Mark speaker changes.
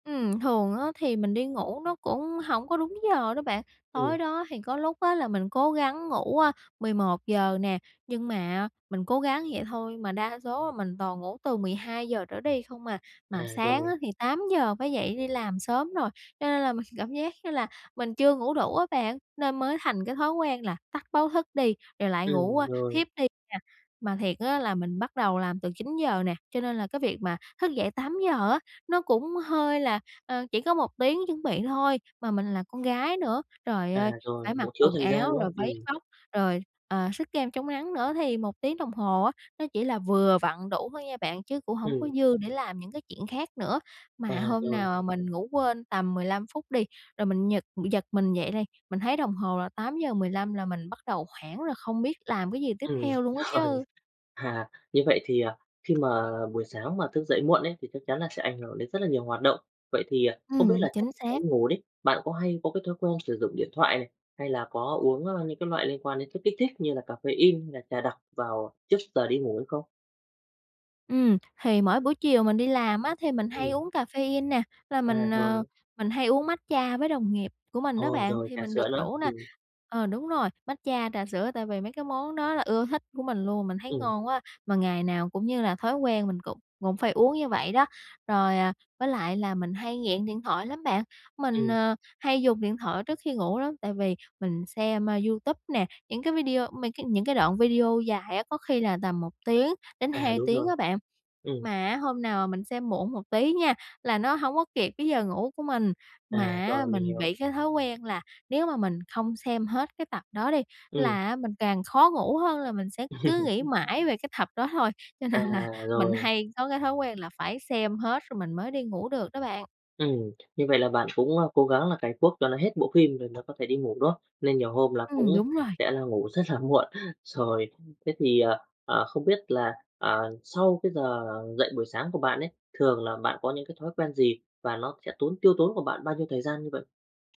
Speaker 1: Ừm, thường á thì mình đi ngủ nó cũng hổng có đúng giờ đó bạn,
Speaker 2: Ừm.
Speaker 1: tối đó thì có lúc á là mình cố gắng ngủ, à, 11:00 nè, nhưng mà mình cố gắng vậy thôi mà đa số mình toàn ngủ từ 12:00 trở đi không à. Mà
Speaker 2: À,
Speaker 1: sáng á
Speaker 2: rồi.
Speaker 1: thì 8:00 phải dậy đi làm sớm rồi, cho nên là mình cảm giác như là mình chưa ngủ đủ á bạn, nên mới thành cái thói quen là tắt báo thức đi, rồi lại ngủ,
Speaker 2: Ừm,
Speaker 1: a,
Speaker 2: rồi.
Speaker 1: thiếp đi nè. Mà thiệt á là mình bắt đầu làm từ 9:00 nè, cho nên là cái việc mà thức dậy 8:00 á, nó cũng hơi là ờ, chỉ có 1 tiếng chuẩn bị thôi mà mình là con gái nữa, trời
Speaker 2: À,
Speaker 1: ơi, phải
Speaker 2: rồi, cũng
Speaker 1: mặc
Speaker 2: thiếu
Speaker 1: quần
Speaker 2: thời gian, đúng
Speaker 1: áo
Speaker 2: không?
Speaker 1: rồi váy
Speaker 2: Ừm.
Speaker 1: vóc, rồi, ờ, xức kem chống nắng nữa thì 1 tiếng đồng hồ á, nó chỉ là vừa vặn đủ thôi nha bạn chứ cũng hổng có
Speaker 2: Ừm.
Speaker 1: dư để làm những cái chuyện khác nữa. Mà
Speaker 2: À,
Speaker 1: hôm mà
Speaker 2: rồi.
Speaker 1: nào mình ngủ quên tầm 15 phút đi, rồi mình giật giật mình dậy đi, mình thấy đồng hồ là 8:15 là mình bắt đầu hoảng rồi không biết làm cái gì tiếp
Speaker 2: Ừm,
Speaker 1: theo luôn á
Speaker 2: rồi.
Speaker 1: chứ.
Speaker 2: À, như vậy thì, à, khi mà buổi sáng mà thức dậy muộn ấy, thì chắc chắn là sẽ ảnh hưởng đến rất là nhiều hoạt động. Vậy thì, à, không biết
Speaker 1: Ừm,
Speaker 2: là trước
Speaker 1: chính
Speaker 2: giờ đi
Speaker 1: xác.
Speaker 2: ngủ đi, bạn có hay có cái thói quen sử dụng điện thoại này, hay là có uống, ơ, những cái loại liên quan đến chất kích thích như là caffein hay là trà đặc vào trước giờ đi ngủ hay không?
Speaker 1: Ừm, thì mỗi buổi chiều mình đi làm á thì mình hay
Speaker 2: Ừm.
Speaker 1: uống caffein nè, là
Speaker 2: À,
Speaker 1: mình,
Speaker 2: rồi.
Speaker 1: ờ, mình hay uống matcha với đồng nghiệp của mình á
Speaker 2: Ồ,
Speaker 1: bạn,
Speaker 2: rồi
Speaker 1: thì
Speaker 2: trà
Speaker 1: mình
Speaker 2: sữa
Speaker 1: được
Speaker 2: nữa,
Speaker 1: rủ nà.
Speaker 2: ừm.
Speaker 1: Ờ, đúng rồi, matcha, trà sữa tại vì mấy cái món đó là ưa thích của mình luôn, mình thấy
Speaker 2: Ừm.
Speaker 1: ngon quá, mà ngày nào cũng như là thói quen mình cũng cũng phải uống như vậy đó. Rồi, à, với lại là mình hay nghiện điện thoại lắm bạn, mình,
Speaker 2: Ừm.
Speaker 1: ờ, hay dùng điện thoại trước khi ngủ lắm, tại vì mình xem, a, YouTube nè, những cái video mấy cái những cái đoạn video dài á, có khi là tầm 1 tiếng đến
Speaker 2: À,
Speaker 1: 2
Speaker 2: đúng
Speaker 1: tiếng
Speaker 2: rồi.
Speaker 1: á bạn.
Speaker 2: Ừm.
Speaker 1: Mà á hôm nào mà mình xem muộn một tí nha, là nó hổng có kịp cái giờ ngủ của mình.
Speaker 2: À,
Speaker 1: Mà á
Speaker 2: rồi, mình
Speaker 1: mình
Speaker 2: hiểu.
Speaker 1: bị cái thói quen là nếu mà mình không xem hết cái tập đó đi
Speaker 2: Ừm.
Speaker 1: là á mình càng khó ngủ hơn là mình sẽ cứ nghĩ mãi về cái tập đó thôi, cho
Speaker 2: À,
Speaker 1: nên là mình
Speaker 2: rồi.
Speaker 1: hay có cái thói quen là phải xem hết rồi mình mới đi ngủ được đó bạn.
Speaker 2: Ừm, như vậy là bạn cũng, a, cố gắng là cày cuốc cho nó hết bộ phim rồi nó có thể đi ngủ, đúng không? Nên nhiều hôm là cũng
Speaker 1: Ừm, đúng rồi.
Speaker 2: sẽ là ngủ rất là muộn. Rồi thế thì, à, à, không biết là, ờ, sau cái giờ dậy buổi sáng của bạn ấy, thường là bạn có những cái thói quen gì và nó sẽ tốn tiêu tốn của bạn bao nhiêu thời gian như vậy?